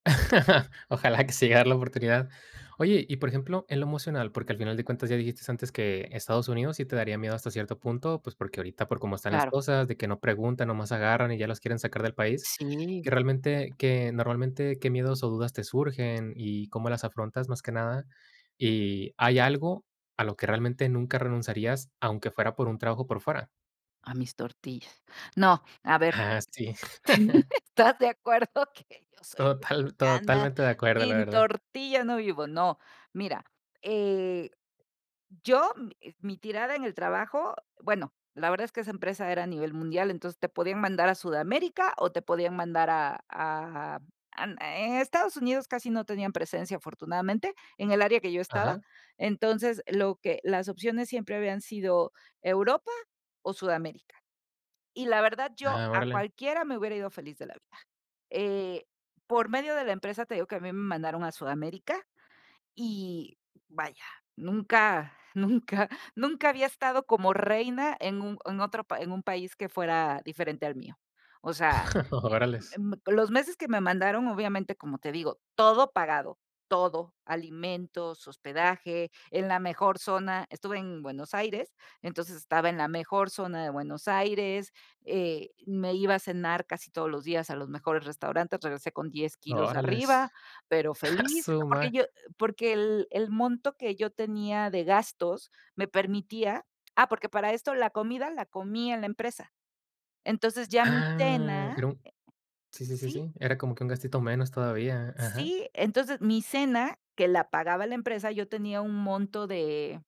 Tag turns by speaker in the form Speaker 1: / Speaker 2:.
Speaker 1: Ojalá, que se llegue a dar la oportunidad. Oye, y por ejemplo, en lo emocional, porque, al final de cuentas ya dijiste antes, que Estados Unidos sí te daría miedo hasta cierto punto, pues, porque, ahorita por cómo están las
Speaker 2: Claro.
Speaker 1: cosas, de que no preguntan, nomás agarran, y ya los quieren sacar del país.
Speaker 2: Sí.
Speaker 1: Que realmente que normalmente, ¿qué miedos, o, dudas te surgen, y cómo las afrontas más que nada? Y hay algo, ¿a lo que realmente nunca renunciarías, aunque fuera, por un trabajo por fuera?
Speaker 2: A mis tortillas. No, a ver,
Speaker 1: Ah, sí.
Speaker 2: estás de acuerdo, que yo soy
Speaker 1: Total
Speaker 2: mexicana,
Speaker 1: totalmente de acuerdo, la
Speaker 2: sin
Speaker 1: verdad.
Speaker 2: tortilla no vivo. No, mira, eh, yo, mi tirada en el trabajo, bueno, la verdad, es que esa empresa era a nivel mundial, entonces, te podían mandar a Sudamérica, o, te podían mandar a a an en Estados Unidos, casi no tenían presencia afortunadamente, en el área que yo estaba.
Speaker 1: Ajá.
Speaker 2: Entonces, lo que las opciones siempre habían sido Europa, o, Sudamérica. Y la verdad, yo
Speaker 1: Ah,
Speaker 2: a
Speaker 1: órale.
Speaker 2: cualquiera me hubiera ido feliz de la vida, eh, por medio de la empresa, te digo, que a mí me mandaron a Sudamérica, y vaya, nunca, nunca, nunca, había estado como reina, en un en otro pa en un país que fuera diferente al mío. O sea
Speaker 1: Órales.
Speaker 2: mm, los meses que me mandaron, obviamente, como te digo, todo pagado, todo, alimentos, hospedaje, en la mejor zona. Estuve en Buenos Aires, entonces estaba, en la mejor zona de Buenos Aires, eh, me iba a cenar casi todos los días, a los mejores restaurantes, regresé con 10 kilos arriba,
Speaker 1: Órales,
Speaker 2: pero
Speaker 1: a
Speaker 2: feliz,
Speaker 1: su
Speaker 2: porque
Speaker 1: mae
Speaker 2: yo porque el el monto, que yo tenía de gastos, me permitía ah, porque, para esto la comida, la comí en la empresa. Entonces, ya mi
Speaker 1: Ah,
Speaker 2: cena
Speaker 1: era un sí, sí, sí,
Speaker 2: Sí.
Speaker 1: sí, era como, que un gastito menos todavía ajá.
Speaker 2: Sí, entonces, mi cena, que la pagaba la empresa, yo tenía un monto de